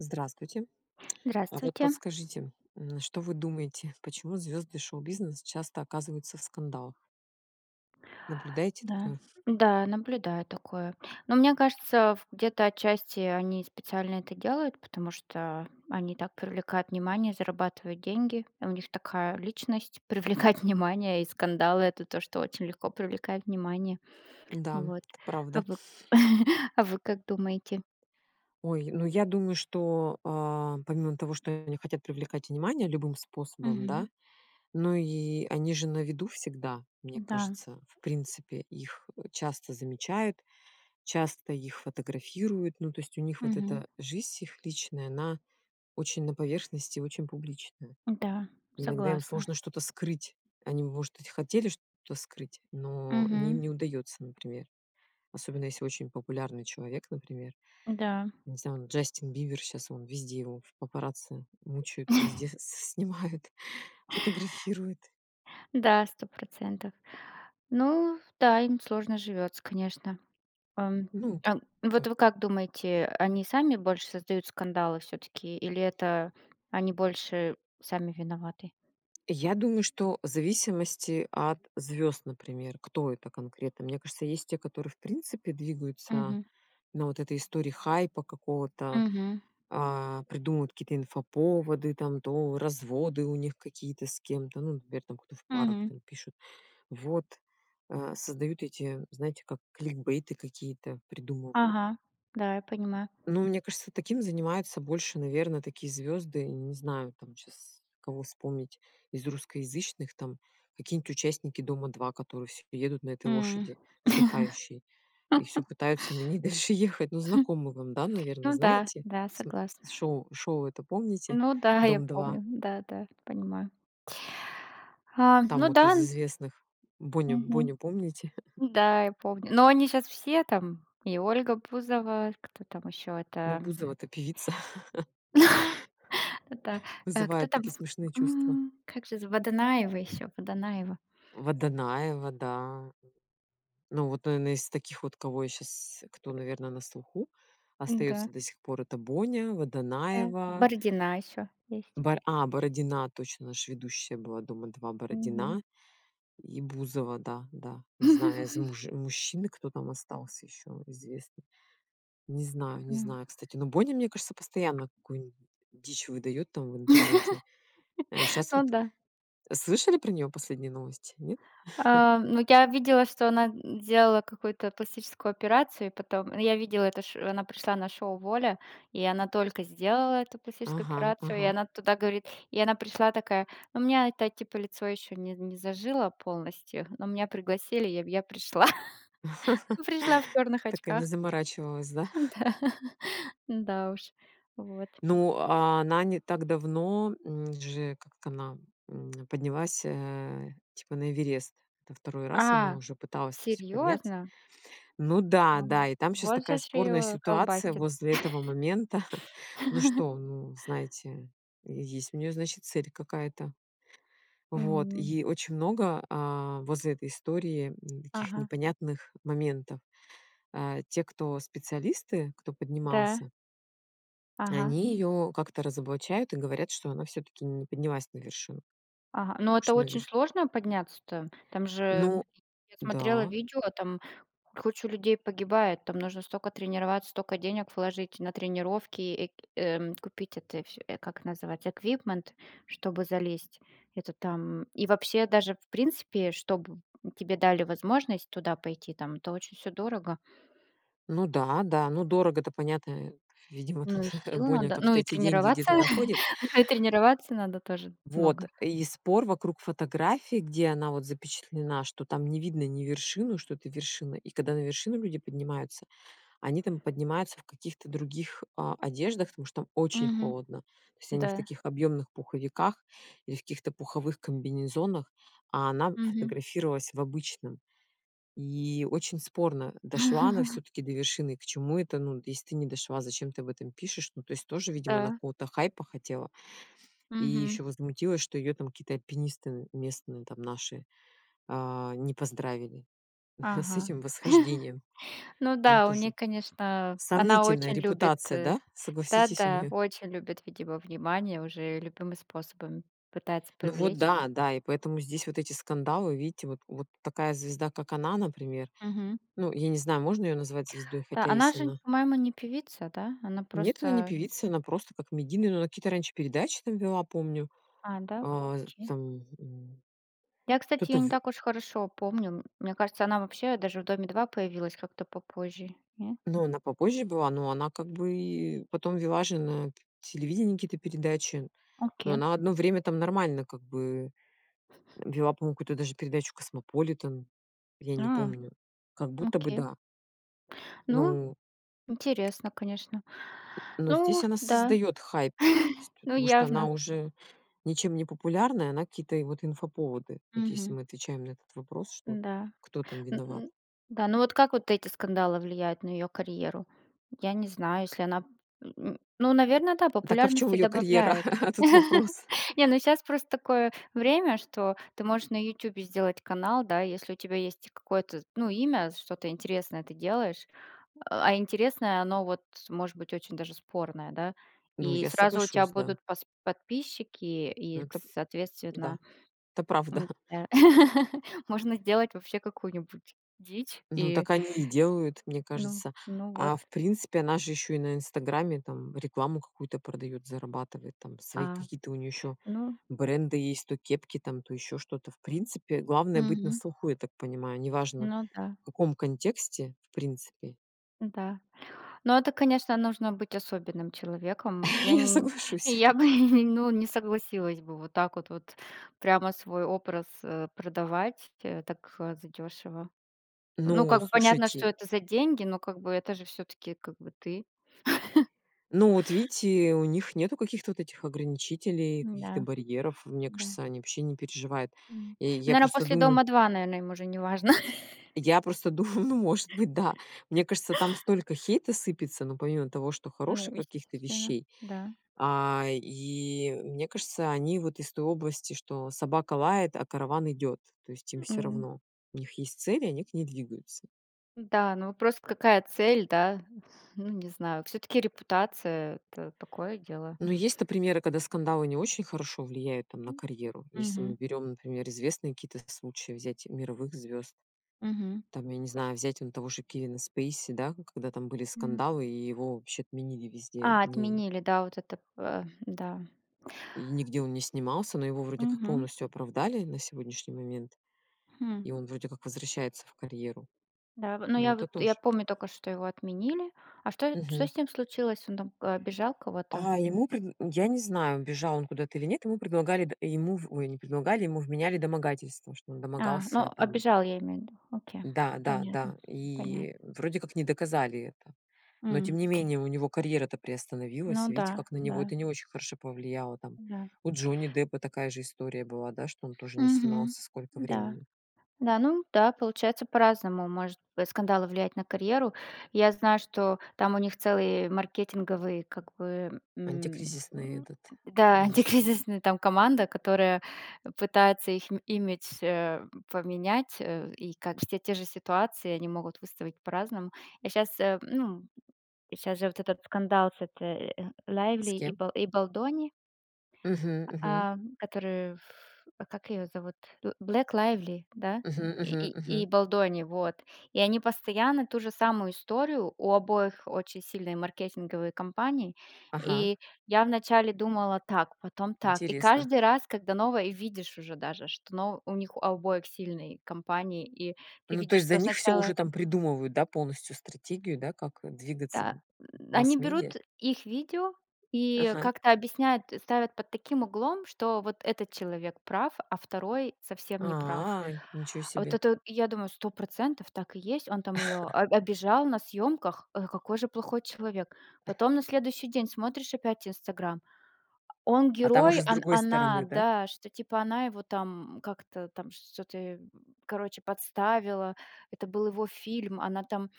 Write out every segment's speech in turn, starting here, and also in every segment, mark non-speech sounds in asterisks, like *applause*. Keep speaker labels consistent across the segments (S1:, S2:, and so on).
S1: Здравствуйте. *clicks tongue* А вот
S2: Здравствуйте.
S1: подскажите, м, что вы думаете, почему звезды шоу-бизнеса часто оказываются в скандалах? Наблюдайте
S2: Да.
S1: такое?
S2: Да, наблюдаю такое. Но мне кажется, в где-то отчасти они специально это делают, потому что они так привлекают внимание, зарабатывают деньги. У них такая личность- привлекать внимание и скандалы это то, что очень легко привлекает внимание.
S1: Да.
S2: Вот.
S1: Это правда.
S2: А вы, *chuckles* а вы как думаете?
S1: Ой, ну я думаю, что, э, помимо того, что они хотят привлекать внимание любым способом,
S2: Мгм.
S1: да? Ну и они же на виду всегда, мне
S2: Да.
S1: кажется. В принципе, их, э, часто замечают, часто их фотографируют. Ну, то есть, у них вот
S2: Мгм.
S1: эта жизнь их личная, она очень на поверхности, очень публичная.
S2: Да,
S1: Иногда им
S2: согласна.
S1: сложно что-то скрыть. Они может быть хотели что-то скрыть, но не, им
S2: Мгм.
S1: не удаётся, например. Особенно, если очень популярный человек, например.
S2: Да.
S1: Не знаю, вот, Джастин Бибер сейчас вон везде его в папарацци мучают, везде
S2: *chuckles*
S1: с-снимают, фотографируют.
S2: Да, 100 %. Ну да, им сложно живётся, конечно. Эм,
S1: Ну.
S2: а, вот
S1: Как.
S2: вы как думаете, они сами больше создают скандалы всё-таки, или это, они больше сами виноваты?
S1: Я думаю, что в зависимости от звёзд, например. Кто это конкретно. Мне кажется есть те, которые в принципе двигаются
S2: Мгм.
S1: на вот этой истории хайпа какого-то,
S2: Мгм.
S1: э, придумывают какие-то инфоповоды там, то разводы у них какие-то с кем-то, ну например, кто в парах,
S2: Мгм.
S1: там, пишут. Вот. Э, создают эти, знаете, как кликбейты какие-то придумывают.
S2: Ага. Да, я понимаю.
S1: Но мне кажется таким занимается больше, наверное, такие звезды, не знаю там, щас кого вспомнить из русскоязычных, там, какие-нибудь участники "Дома-2", которые всё едут на этой
S2: М.
S1: лошади, сдыхающей, и всё
S2: *laughs*
S1: пытаются на ней дальше ехать. Ну знакомы вам, да,
S2: *chuckles*
S1: наверное,
S2: Ну да,
S1: знаете?
S2: да.
S1: См
S2: Согласна.
S1: шоу, шоу это помните,
S2: Ну да, я
S1: "Дом-2"?
S2: помню. Да, да. Понимаю. *inhales* А.
S1: Там
S2: Ну
S1: вот
S2: да,
S1: из
S2: н
S1: известных. Боню,
S2: Мгм.
S1: Боню помните? *laughs*
S2: Да, я помню. Но они щас все, там? И Ольга Бузова, кто там ещё
S1: Ну
S2: это.
S1: Бузова-то певица.
S2: *chuckles* Да.
S1: *laughs*
S2: Э, кто
S1: Вызывает
S2: там
S1: такие
S2: в,
S1: смешные чувства.
S2: м, как же зва Водонаева ещё, Водонаева?
S1: Водонаева, да. Ну, вот, наверное из таких вот, кого я щас, кто наверное на слуху,
S2: Да.
S1: остается до сих пор это Боня,
S2: Да.
S1: Водонаева
S2: Бородина ещё есть.
S1: бар а, Бородина. Точно! Она ж ведущая была "Дома 2",
S2: Мгм.
S1: Бородина и Бузова. Да, да. Не знаю, из муж мужчин кто там остался ещё известных. Не знаю, не
S2: М.
S1: знаю. Кстати, но Боня мне кажется постоянно какую-нибудь дичь выдает, там, в интернете. Э,
S2: *laughs*
S1: щас
S2: О
S1: вот.
S2: да.
S1: Э, слышали про нее последние новости, нет? *chuckles*
S2: Э, ну я видела, что она, м, сделала какую-то пластическую операцию, и потом. Ну я видела это ш что она пришла на шоу "Воля", и она только сделала эту пластическую
S1: Ага,
S2: операцию, и
S1: ага.
S2: она туда говорит. И она пришла такая: "У меня, это, типо лицо ещё не не зажило полностью, но меня пригласили и в, я пришла". Пришла в
S1: *laughs*
S2: чёрных
S1: Так и не
S2: очках.
S1: заморачивалась, да?
S2: Да. *laughs* Да уж. Вот.
S1: Ну, а, она не так давно, м, же как она, м, поднялась, э, типа на Эверест. Во 2 раз она
S2: А.
S1: уже пыталась, это всё, подняться.
S2: Серьёзно?
S1: Ну
S2: Ам,
S1: да-да и там щас
S2: вот
S1: такая
S2: же ш
S1: спорная
S2: её
S1: ситуация
S2: колбасит.
S1: возле этого момента. *chuckles* Ну
S2: *laughs*
S1: что, ну знаете, есть у неё значит цель какая-то. Вот,
S2: Мгм.
S1: и очень много, а, возле этой истории, м, таких
S2: Ага.
S1: непонятных моментов. Э, те, кто специалисты, кто
S2: Да.
S1: поднимался
S2: Ага.
S1: они её как-то разоблачают и говорят, что она всё-таки не поднялась на вершину.
S2: Ага. Но это
S1: Что на
S2: очень
S1: верш
S2: сложно подняться-то. Там же,
S1: Ну
S2: я смотрела
S1: да.
S2: видео, там куча людей погибает. Там нужно стока тренироваться, стока денег вложить на тренировки и, э, купить это всё, э, как называется, equipment, чтобы залезть. Это там. И вообще, даже в принципе, чтобы тебе дали возможность туда пойти, там, это очень всё дорого.
S1: Ну да, да. Ну дорого-то понятно, э. Видимо тут
S2: Ну и
S1: *chuckles*
S2: сил
S1: Боня
S2: надо, ну
S1: как-то
S2: и
S1: эти деньги
S2: тренироваться,
S1: где-то находит.
S2: *laughs* ну и тренирваться надо тоже
S1: Вот,
S2: много.
S1: и спор вокруг фотографии, где она, вот, запечатлена, что там не видно ни вершину, что это вершина. И когда на вершину люди поднимаются, они там поднимаются в каких-то других, а, одеждах, потому что там очень
S2: Мгм.
S1: холодно. То есть они в
S2: Да.
S1: таких объёмных пуховиках, или в каких-то пуховых комбинезонах, а она
S2: Мгм.
S1: фотографировалась в обычном. И очень спорно: дошла она
S2: *laughs*
S1: всё-таки до вершины? К чему это? Ну, если ты не дошла, зачем ты об этом пишешь? Ну то есть тоже, видимо, она
S2: Да.
S1: какого-то хайпа хотела. И
S2: Мгм.
S1: ещё возмутилась, что её там какие-то альпинисты местные, там, наши, а, не поздравили с
S2: Ага.
S1: этим восхождением.
S2: *laughs* Ну
S1: Ну
S2: да, у
S1: тоже.
S2: них, конечно, она
S1: Сомнительная
S2: очень любит.
S1: репутация, да? Согласитесь у
S2: Да-да.
S1: неё?
S2: Очень любит, видимо, внимание, уже любыми способами пытается
S1: Ну вот
S2: привлечь.
S1: да, да. И поэтому здесь вот эти скандалы. Видите вот вот такая звезда как она, например.
S2: Мгм.
S1: Ну, я не знаю, можно её назвать звездой,
S2: Да,
S1: хотя
S2: она
S1: если
S2: же,
S1: она
S2: по-моему, не певица, да? Она
S1: Нет, она не
S2: просто.
S1: певица. Она просто как медийная. Ну, она какие-то раньше передачи, там, вела, помню.
S2: А, да?
S1: Э,
S2: Окей.
S1: там.
S2: Я, кстати,
S1: Кто-то
S2: её не
S1: в
S2: так уж хорошо помню. Мне кажется, она вообще даже в "Доме-2" появилась как-то попозже, нет?
S1: Ну она попозже была. Но она как бы, и, потом вела же на п телевидении какие-то передачи. Ну,
S2: Окей.
S1: она одно время, там, нормально как бы, э, вела помню какую-то даже передачу Cosmopolitan. Я не
S2: А.
S1: помню. Как будто бы
S2: Окей.
S1: да.
S2: Ну,
S1: Ну.
S2: интересно, конечно. *inhales*
S1: Н но здесь
S2: Ну
S1: она
S2: да.
S1: создает хайп, то есть
S2: *chuckles* Ну
S1: потому что она
S2: явно.
S1: уже ничем не популярна, и она какие-то и, вот, инфоповоды. Вот если
S2: Мгм.
S1: мы отвечаем на этот вопрос, что вот
S2: Да.
S1: "кто там виноват?"
S2: М, да, ну вот как вот эти скандалы влияют на её карьеру? Я не знаю, если она, м. Ну наверное, да.
S1: Так а в чём
S2: Популярности
S1: её карьера?
S2: добавляет.
S1: *laughs* А тут
S2: *laughs*
S1: вопрос.
S2: Не, ну щас просто такое время, что ты можешь на "Ютубе" сделать канал, да, если у тебя есть какое-то, ну, имя, что-то интересное ты делаешь, э, а интересное, оно, вот, может быть очень даже спорное, да?
S1: Ну
S2: И
S1: я
S2: сразу у тя
S1: соглашусь, да.
S2: будут пос подписчики и
S1: Ну
S2: к
S1: так. Да.
S2: соответственно,
S1: Это правда.
S2: м,
S1: *chuckles*
S2: э, *laughs* можно сделать вообще какую-нибудь дичь
S1: Ну
S2: и,
S1: так они и делают, мне
S2: ну.
S1: кажется.
S2: Ну вот.
S1: А в принципе, она же ещё и на "Инстаграме", там, рекламу какую-то продает, зарабатывает, там, свои
S2: А.
S1: какие-то у неё ещё
S2: Ну.
S1: бренды есть, то кепки там, то ещё что-то. В принципе, главное быть на
S2: Мгм.
S1: слуху, я так понимаю. Неважно
S2: Ну да.
S1: в каком контексте, в принципе.
S2: Да. Но это, конечно, нужно быть особенным человеком. Вот
S1: *laughs*
S2: я
S1: Я
S2: не не.
S1: соглашусь.
S2: Я бы ну не согласилась бы вот так, вот прямо свой образ, э, продавать, э, так, э, задёшево. Ну
S1: Ну,
S2: как бы понятно, что
S1: слушайте.
S2: это за деньги, но как бы это же всё-таки как бы ты. *chuckles*
S1: Ну вот видите, у них нету каких-то вот этих ограничителей, каких-то
S2: М-да.
S1: барьеров. Мне
S2: Да.
S1: кажется они вообще не переживают.
S2: М,
S1: И я
S2: наверное,
S1: просто
S2: после
S1: думаю
S2: "Дома-2", наверное, им уже не важно. *chuckles*
S1: я просто дум *chuckles* ну может быть, да. Мне
S2: *laughs*
S1: кажется там столько хейта сыпется, но помимо того, что
S2: Ну
S1: хороших каких-то
S2: естественно.
S1: вещей,
S2: Да.
S1: а, и, мне кажется они вот из той области что собака лает, а караван идёт. То есть им всё
S2: М.
S1: равно. У них есть цель, и они к ней двигаются.
S2: Да, ну просто какая цель, да? Ну, не знаю. Всё-таки репутация- это такое дело.
S1: Ну есть-то примеры, когда скандалы не очень хорошо влияют, там, на карьеру. Если
S2: Мгм.
S1: мы берем, например, известные какие-то случаи, взять мировых звёзд.
S2: Мгм.
S1: Там, я не знаю, взять он того же Кевина Спейси, да, когда там были
S2: М.
S1: скандалы, и его вообще отменили везде,
S2: А,
S1: не
S2: отменили, да. Вот этот, э, да.
S1: И нигде он не снимался. Но его, вроде как,
S2: Мгм.
S1: полностью оправдали на сегодняшний момент.
S2: Хм.
S1: И он вроде как возвращается в карьеру.
S2: Да в но
S1: Но
S2: я
S1: это
S2: вот, я
S1: тоже.
S2: помню только, что его отменили. А что что
S1: Мгм.
S2: с ним случилось? Он там, э, обижал кого-то?
S1: А, ему предн м, я не знаю, бежал он куда-то или нет, ему предлагали д ему в, ой, не предлагали- ему вменяли домогательства. Что он
S2: А. Ну
S1: домогался, там.
S2: обижал, я имею ввиду. Окей.
S1: Да, да,
S2: Понятно.
S1: да.
S2: Понятно.
S1: И, э, вроде как не доказали это. Но тем
S2: М,
S1: не
S2: ть
S1: менее у него карьера-то
S2: Ну
S1: приостановилась. Видите
S2: да.
S1: как, на него
S2: Да.
S1: это не очень хорошо повлияло, там.
S2: Да.
S1: У Джонни Деппа такая же история была, да, что он тоже не
S2: Мгм.
S1: снимался сколько
S2: Да.
S1: времени.
S2: Да, ну да. Получается по-разному может бы скандалы влиять на карьеру. Я знаю, что там у них целый маркетинговый, как бы, м.
S1: Антикризисный этот
S2: Да.
S1: есть.
S2: Антикризисная, там, команда, которая пытается их имидж, э, поменять, э, и как все те же ситуации, они могут выставить по-разному. Я щас, э, ну. Щас же вот этот скандал с этой, э, Лайвли
S1: С
S2: и
S1: кем?
S2: ба и Бальдони.
S1: Мгм, мгм.
S2: А, которые ф ф а как её зовут? Б Блейк Лайвли, да?
S1: Мгм, мгм,
S2: И и
S1: мгм.
S2: Бальдони, вот. И они постоянно ту же самую историю, у обоих очень сильные маркетинговые кампании,
S1: Ага.
S2: и я вначале думала так, потом так, и
S1: Интересно.
S2: каждый раз, когда новое и видишь уже даже, что, ну, у них у обоих сильные кампании, и ты
S1: Ну то
S2: видишь,
S1: есть за
S2: что
S1: них всё
S2: сначала
S1: уже, там, придумывают, да, полностью стратегию, у да, как, э, двигаться.
S2: Да. Они
S1: Масс-медиа.
S2: берут их видео и
S1: Ага.
S2: как-то объясняют, э, ставят под таким углом, что вот этот человек прав, а второй совсем не прав.
S1: А. Ничё
S2: А вот
S1: себе.
S2: это вот, и я думаю: "100 % Так и есть. Он там её
S1: *chuckles*
S2: об обижал на съёмках. Э, какой же плохой человек!"
S1: *chuckles*
S2: Потом на следующий день смотришь опять "Инстаграм": он
S1: А там уже
S2: герой,
S1: с
S2: он
S1: другой
S2: она,
S1: стороны, да?
S2: да, что-то типа она его, там, как-то там, что-то, короче подставила. Это был его фильм, она там.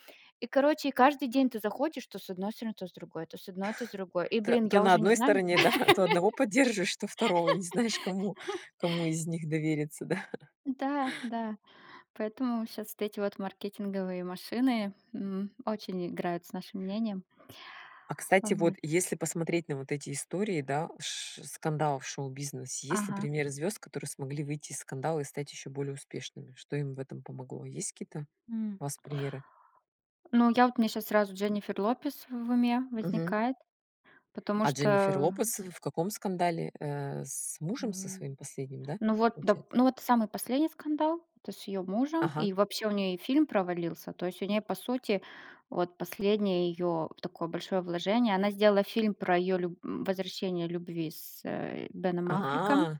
S2: И короче каждый день ты заходишь: то с одной стороны, то с другой, то с одной, то с другой. И,
S1: То
S2: блин,
S1: то
S2: я
S1: на
S2: уже не
S1: одной
S2: знаю.
S1: стороне, да, то одного поддержишь, то второго. И не знаешь, кому
S2: *laughs*
S1: кому из них довериться, да. *chuckles*
S2: Да, да. Поэтому щас вот эти вот маркетинговые машины, м, очень играют с нашим мнением.
S1: А кстати, вот
S2: Вот.
S1: если посмотреть на вот эти истории, да, ш ш скандалов в шоу-бизнесе, есть ли
S2: Ага.
S1: примеры звёзд, которые смогли выйти из скандала и стать ещё более успешными? Что им в этом помогло? Есть какие-то
S2: М.
S1: у вас примеры?
S2: Ну я вот, у меня щас сразу Дженнифер Лопес в уме
S1: Мгм.
S2: возникает, потому
S1: А Дженнифер
S2: что.
S1: Лопес, ф ф в каком скандале, э, с мужем со
S2: М.
S1: своим последним, да,
S2: Ну, вот,
S1: получается?
S2: доп ну, вот, самый последний скандал, то есть с её мужем,
S1: Ага.
S2: и вообще у неё и фильм провалился. То есть, у неё, по сути, вот, последнее её, такое большое вложение. Она сделала фильм про её люб м, возвращение любви с, э, Беном Аффлеком.
S1: А!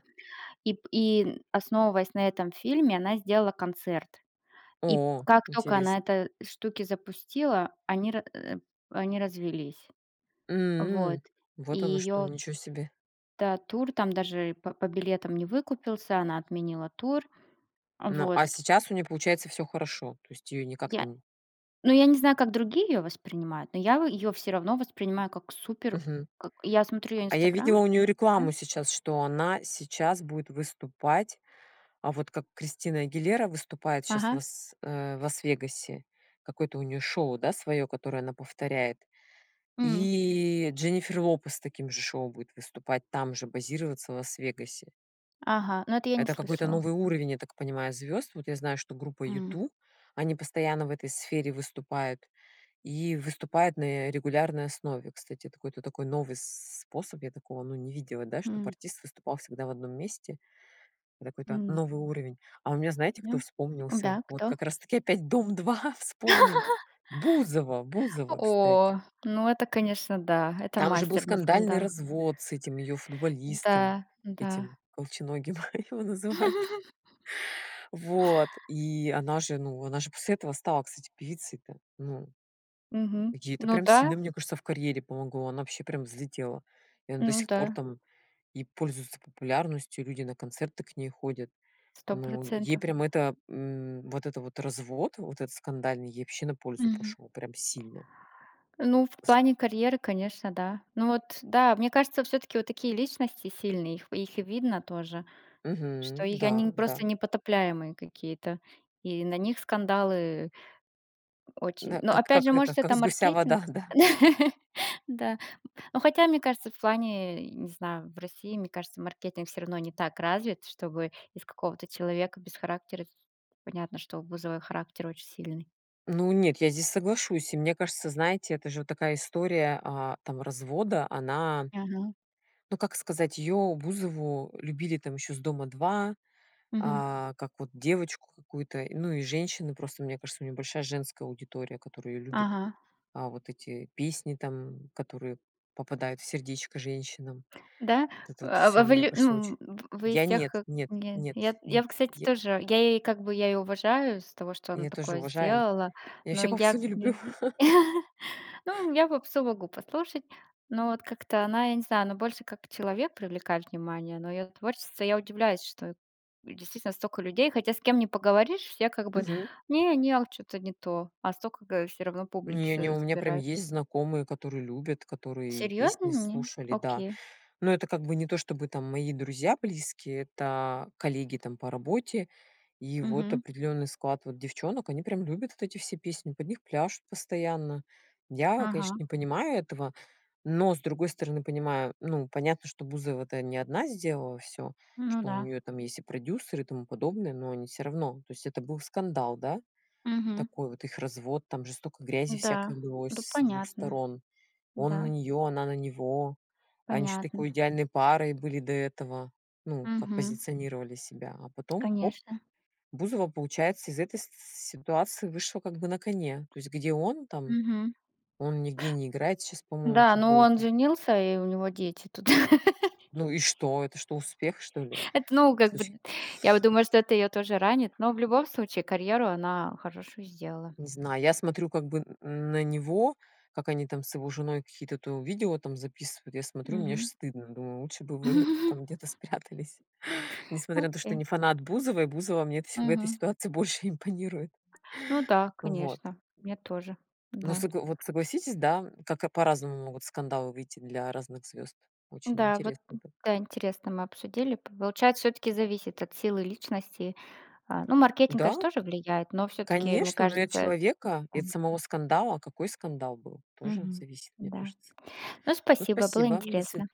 S2: И п и основываясь на этом фильме, она сделала концерт. И
S1: О,
S2: как только она
S1: интересно.
S2: эта штуки запустила, они ра, э, они развелись. Вот.
S1: М.
S2: И
S1: Вот оно что!
S2: её
S1: Ничё себе.
S2: Да, тур там, даже по по билетам не выкупился, она отменила тур.
S1: Ну а
S2: Вот.
S1: сейчас у неё получается всё хорошо? То есть её никак,
S2: Я
S1: там.
S2: ну я не знаю, как другие её воспринимают, но я, вот, её всё равно воспринимаю как супер.
S1: Мгм.
S2: Как я смотрю её
S1: А я
S2: "Инстаграм",
S1: видела у неё
S2: да.
S1: рекламу сейчас, что она сейчас будет выступать. А, вот как Кристина Агилера выступает щас в
S2: Ага.
S1: с э, в Лас-Вегасе. Какое-то у неё шоу, да, своё, которое она повторяет?
S2: М.
S1: И Дженнифер Лопес с таким же шоу будет выступать, там же, базироваться в Лас-Вегасе.
S2: Ага. Но это я не
S1: Это какой-то
S2: слышала.
S1: новый уровень, я так понимаю, звёзд. Вот я знаю, что группа
S2: М.
S1: U2- они постоянно в этой сфере выступают, и выступают на, э, регулярной основе. Кстати, это какой-то такой новый с способ. Я такого ну не видела, да, чтобы
S2: М.
S1: артист выступал всегда в одном месте. Это какой-то
S2: М.
S1: новый уровень. А у меня знаете кто
S2: Да.
S1: вспомнился?
S2: Да,
S1: Вот
S2: кто?
S1: как раз таки опять "Дом-2" вспомним.
S2: *laughs*
S1: Бузова, Бузова, кстати.
S2: О, ну это конечно да, это
S1: Там же был
S2: мастер для
S1: скандальный
S2: скандала.
S1: развод, с этим её футболистом.
S2: Да, да.
S1: Этим, "Колченогим" его называют.
S2: *laughs*
S1: Вот, и она же, ну, она же после этого стала, кстати, певицей то, ну.
S2: Мгм.
S1: Ей это
S2: Ну
S1: прям сильно,
S2: да.
S1: мне кажется, в карьере помогло. Она вообще прям взлетела. И она до
S2: Ну
S1: сих пор,
S2: да.
S1: там, и пользуется популярностью, и люди на концерты к ней ходят.
S2: сто
S1: Ну ей
S2: процентов.
S1: прям это, м, вот это вот развод, вот этот скандальный, ей вообще на пользу
S2: Мгм.
S1: пошёл, прям сильно.
S2: Ну, в
S1: С
S2: плане карьеры, конечно, да. Ну, вот, да. Мне кажется, всё-таки вот такие личности сильные, их их видно тоже, что
S1: Мгм.
S2: её они
S1: Да,
S2: не
S1: да.
S2: просто непотопляемые какие-то, и на них скандалы, очень.
S1: На,
S2: Но
S1: как
S2: опять
S1: как
S2: же,
S1: это,
S2: может
S1: как
S2: это
S1: с гуся вода,
S2: маркетинг.
S1: да?
S2: *laughs* Да. Но хотя, мне кажется, в плане, э, не знаю, в России, мне кажется, маркетинг всё равно не так развит, чтобы из какого-то человека без характера, с понятно, что у Бузовой характер очень сильный.
S1: Ну нет, я здесь соглашусь. И мне кажется, знаете, это же вот такая история, а, там, развода она,
S2: Мгм.
S1: ну как сказать? Её, Бузову, любили, там, ещё с "Дома-2".
S2: Мгм.
S1: А, как вот девочку какую-то, ну и женщины просто, мне кажется у неё большая женская аудитория, которая её любит.
S2: Ага.
S1: А вот эти песни там, которые попадают в сердечко женщинам.
S2: Да?
S1: Вот это
S2: Э,
S1: вот
S2: а, а
S1: всё
S2: вы
S1: мне
S2: лю
S1: кажется очень.
S2: ну в-вы из
S1: Я нет,
S2: тех, э,
S1: нет,
S2: не не
S1: нет,
S2: нет, я
S1: нет.
S2: вот кстати,
S1: Я.
S2: тоже, я ей как бы, я её уважаю из-за того, что она
S1: Я тоже
S2: такое
S1: уважаю.
S2: сделала,
S1: Я
S2: но,
S1: вообще
S2: я,
S1: попсу не люблю.
S2: н
S1: *laughs*
S2: ну я попсу могу послушать, но вот как-то она, я не знаю, она больше как человек привлекает внимание, но её творчество. Я удивляюсь, что действительно столько людей, хотя с кем не поговоришь, я как бы:
S1: Мгм.
S2: "Не, не, а вот чё-то не то". А столько, э, всё равно публики
S1: Не, не.
S2: с
S1: У меня прям
S2: собирает.
S1: есть знакомые, которые любят, которые и
S2: Серьезно?
S1: песни
S2: М.
S1: слушали.
S2: Ок.
S1: Да. Но это как бы не то, чтобы там мои друзья близкие. Это коллеги, там, по работе. И, вот,
S2: Мгм.
S1: определённый склад вот девчонок. Они прям любят вот эти все песни. Под них пляшут постоянно. Я, конечно,
S2: Ага.
S1: не понимаю этого, но с другой стороны, понимаю. Ну понятно, что Бузова это не одна сделала всё.
S2: Ну
S1: Что у
S2: да.
S1: неё там есть и продюсер, и тому подобное. Но они всё равно. То есть это был скандал, да?
S2: Мгм.
S1: Такой вот, их развод, там же столько грязи всякой
S2: Да.
S1: лилось
S2: Ну
S1: с 2
S2: понятно.
S1: сторон. Он на
S2: Да.
S1: неё, она на него. Они ещё
S2: Понятно.
S1: такой идеальной парой были до этого. Ну как
S2: Мгм.
S1: позиционировали себя, а потом- хоп!
S2: Конечно.
S1: Бузова, получается, из этой с ситуации вышла, как бы, на коне. То есть где он там...
S2: Мгм.
S1: Он нигде не играет щас по-моему в
S2: Да, ну он
S1: футбол-то.
S2: женился, и у него дети туда. *laughs*
S1: Ну и что? Это что успех что ли?
S2: Это наугад, вот.
S1: Слушай.
S2: Я вот думаю, может это её тоже ранит, но в любом случае карьеру она хорошую сделала.
S1: Не знаю. Я смотрю, как бы н на него, как они там с его женой какие-то то видео там записывают. Я смотрю, мне аж
S2: Мгм.
S1: стыдно, думаю: "Лучше бы вы,
S2: *laughs*
S1: там, где-то спрятались". Несмотря на то, что
S2: Окей.
S1: не фанат Бузовой, Бузова мне это с в этой
S2: Мгм.
S1: ситуации больше импонирует.
S2: Ну да,
S1: Вот.
S2: конечно. Мне тоже.
S1: Но
S2: Да.
S1: согл вот согласитесь, да? Как как по-разному могут скандалы выйти для разных звёзд. Очень
S2: Да вот,
S1: интересно.
S2: м, да интересно мы обсудили. Получается всё таки зависит от силы личности, а. Ну маркетинг
S1: Да.
S2: конечно тоже влияет, но всё таки мне
S1: Конечно. Ну и от
S2: кажется.
S1: человека,
S2: Да.
S1: и от самого скандала. Какой скандал был? Тоже
S2: Мгм.
S1: зависит, мне
S2: Да.
S1: кажется.
S2: Ну
S1: Ну
S2: спасибо. Было
S1: спасибо. До свид.
S2: интересно.